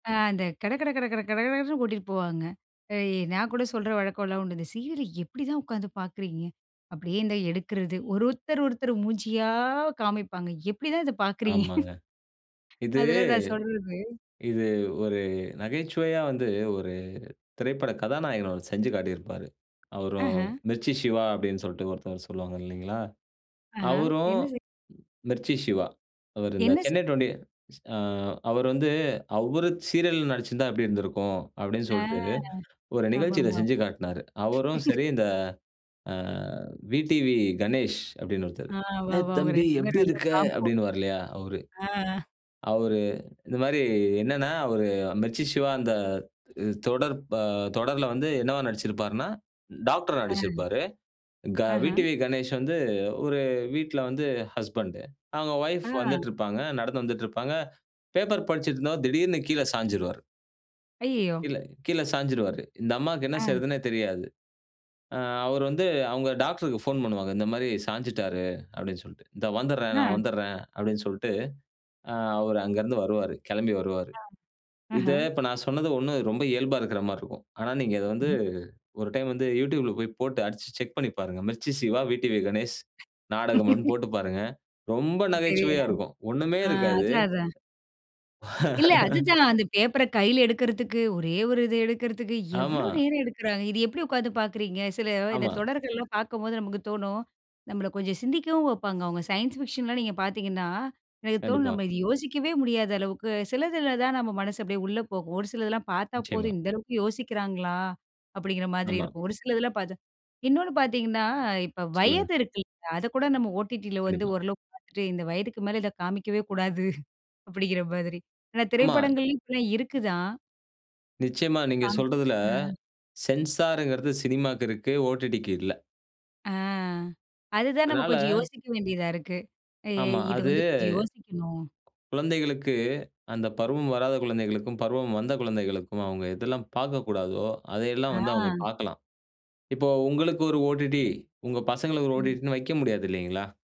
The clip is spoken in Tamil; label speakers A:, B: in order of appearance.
A: ஆ, அந்த கட கட கட கட கடகடன்னு கூட்டிட்டு போவாங்க. அ நான் கூட சொல்ற வழக்கம்லாம் உண்டு. இந்த சீரியல எப்டிதான் உட்காந்து பார்க்குறீங்க. அப்படியே இந்த எடுக்கிறது. ஒரு ஒருத்தர் ஒருத்தர் மூஞ்சியா காமிப்பாங்க. எப்படிதான் இத பார்க்குறீங்க?
B: ஆமாங்க. இது,
A: அதெல்லாம் நான் சொல்றது.
B: இது ஒரு நகைச்சுவையா வந்து ஒரு திரைப்பட கதாநாயகன் செஞ்சு காட்டியிருப்பாரு.
A: ஆஹ.
B: அவரும் "மிர்ச்சி சிவா" அப்டின்டு சொல்ட்டு ஒருத்தர் சொல்லுவாங்க இல்லைங்களா?
A: ஆஹ,
B: அவரும்
A: என்ன செய்
B: மிர்ச்சி சிவா. அவர் இந்த
A: என்ன செய்
B: சென்னை டுவென்டி எ அவரு வந்து அவரு சீரியல்ல நடிச்சிருந்தா எப்படி இருந்திருக்கும் அப்டினு
A: ஆ,
B: சொல்ட்டு ஒரு நிகழ்ச்சியில
A: ஆமாமா.
B: செஞ்சு காட்னாரு. அவரும் சரி இந்த ஆ, "விடிவி கணேஷ்" அப்படினு ஒருத்தரு.
A: ஆ, வவ
B: "டேய்
A: அவங்க
B: தம்பி
A: 2
B: எப்டி
A: பேரும் நல்ல
B: இருக்க"
A: காம்போ.
B: அப்படினுவார் இல்லையா? அவரு.
A: ஆ.
B: அவரு இந்த மாரி என்னென்னா அவரு மெர்ச்சி சிவா அந்த தொடர் ப தொடர்ல வந்து என்னவா நடிச்சிருப்பார்னா, டாக்டரா
A: ஆ.
B: நடிச்சிருப்பாரு. க
A: ஆஹ.
B: விடிவி கணேஷ் வந்து ஒரு வீட்ல வந்து ஹஸ்பண்ட். அவங்க வைப்
A: ஆ.
B: வந்துட்டு இருப்பாங்க. நடந்து வந்துட்டு இருப்பாங்க. பேப்பர் படிச்சிட்டு இருந்தவ திடீர்னு கீழ சாய்ஞ்டுவாரு.
A: அய்யயோ!
B: கீழ, கீழ சாய்ஞ்சிருவாரு. இந்த அம்மாக்கு என்ன
A: அ.
B: செய்றதுன்னே தெரியாது. ஆ அவர் வந்து அவங்க டாக்டர்க்கு போன் பண்ணுவாங்க. இந்த மாரி சாய்ஞ்சிட்டாரு, அப்படினு சொல்ட்டு. இந்த வந்துட்றேன், நான்
A: ஆ.
B: வந்துட்றேன் அப்படினு சொல்ட்டு அவரு அங்க இருந்து வருவாரு. கெளம்பி வருவாரு.
A: அ, அஹ.
B: இத இப்ப நான் சொன்னது ஒன்னும் ரொம்ப இயல்பா இருக்கிற மாரி இருக்கும். ஆனா, நீங்க இத வந்து
A: க்ஹும்.
B: ஒரு டைம் வந்து You Tubeல போய் போட்டு அடிச்சு செக் பண்ணி பாருங்க. மிர்ச்சி சிவா, விடிவி கணேஷ் நாடகம் ஒன் போட்டு பாருங்க. ரொம்ப
A: தெரியல.
B: நகைச்சுவையா இருக்கும். ஒன்னுமே
A: ஆ,
B: இருக்காது.
A: அதான், அதான். இல்ல அதுதான் அந்த பேப்பர கையில எடுக்கிறதுக்கு, ஒரே ஒரு இத எடுக்கிறதுக்கு, எவ்வளோ
B: ஆமா.
A: நேரம் எடுக்கிறாங்க. இது எப்டி உட்கார்ந்து பார்க்கிறீங்க. சில இந்த
B: ஆமா.
A: தொடர்கள்லாம் பார்க்கும்போது நமக்கு தோணும். நம்மள கொஞ்சம் சிந்திக்கவும் வப்பாங்க. அவங்க சயன்ஸ் ஃபிக்ஷன்லாம் நீங்க பார்த்தீங்கன்னா, எனக்கு தோணும்
B: கண்டிப்பா.
A: நம்ம இத யோசிக்கவே முடியாத அளவுக்கு சிலதுல தான் நம்ம மனசு அப்படியே உள்ள போகும். ஒரு சிலதெல்லாம் பார்த்தா
B: நிச்சயமா.
A: போதும் இந்த அளவுக்கு யோசிக்கிறாங்களா? அப்படிங்கிற மாதிரி
B: ஆமா.
A: இருக்கும். ஒரு சிலதெல்லாம் பார்த்தா இன்னொன்னு பார்த்தீங்கன்னா, இப்போ
B: சொல்லுங்க.
A: வயது இருக்குல்ல அதைக்கூட நம்ம ஓடிடியில வந்து
B: கண்டிப்பா.
A: ஓரளவுக்கு பார்த்துட்டு இந்த வயதுக்கு மேல இத காமிக்கவே கூடாது அப்படிங்கிற மாதிரி. ஆனா,
B: ஆமா.
A: திரைப்படங்கள்லயும் இப்படிலாம் இருக்கு தான்.
B: நிச்சயமா. நீங்க
A: கம்
B: சொல்றதுல
A: ஆ.
B: சென்சார்ங்கிறது சினிமாக்கு இருக்கு. ஓடிடிக்கு இல்ல.
A: ஆ, அதுதான் நம்ம
B: அதனால
A: கொஞ்சம் யோசிக்க வேண்டியதா இருக்கு. எ
B: ஆமா.
A: இது
B: அது
A: வந்து கொஞ்சம் யோசிக்கணும்.
B: குழந்தைகளுக்கு அந்த பருவம் வராத குழந்தைகளுக்கும், பருவம் வந்த குழந்தைகளுக்கும் அவங்க எதெல்லாம் பார்க்கக்கூடாதோ அதையெல்லாம் வந்து அவங்க
A: ஆ.
B: பார்க்கலாம். இப்போ உங்களுக்கு ஒரு ஓடிடி, உங்க பசங்களுக்கு ஒரு
A: ம்.
B: ஓடிடின்னு வெக்க முடியாது இல்லைங்களா?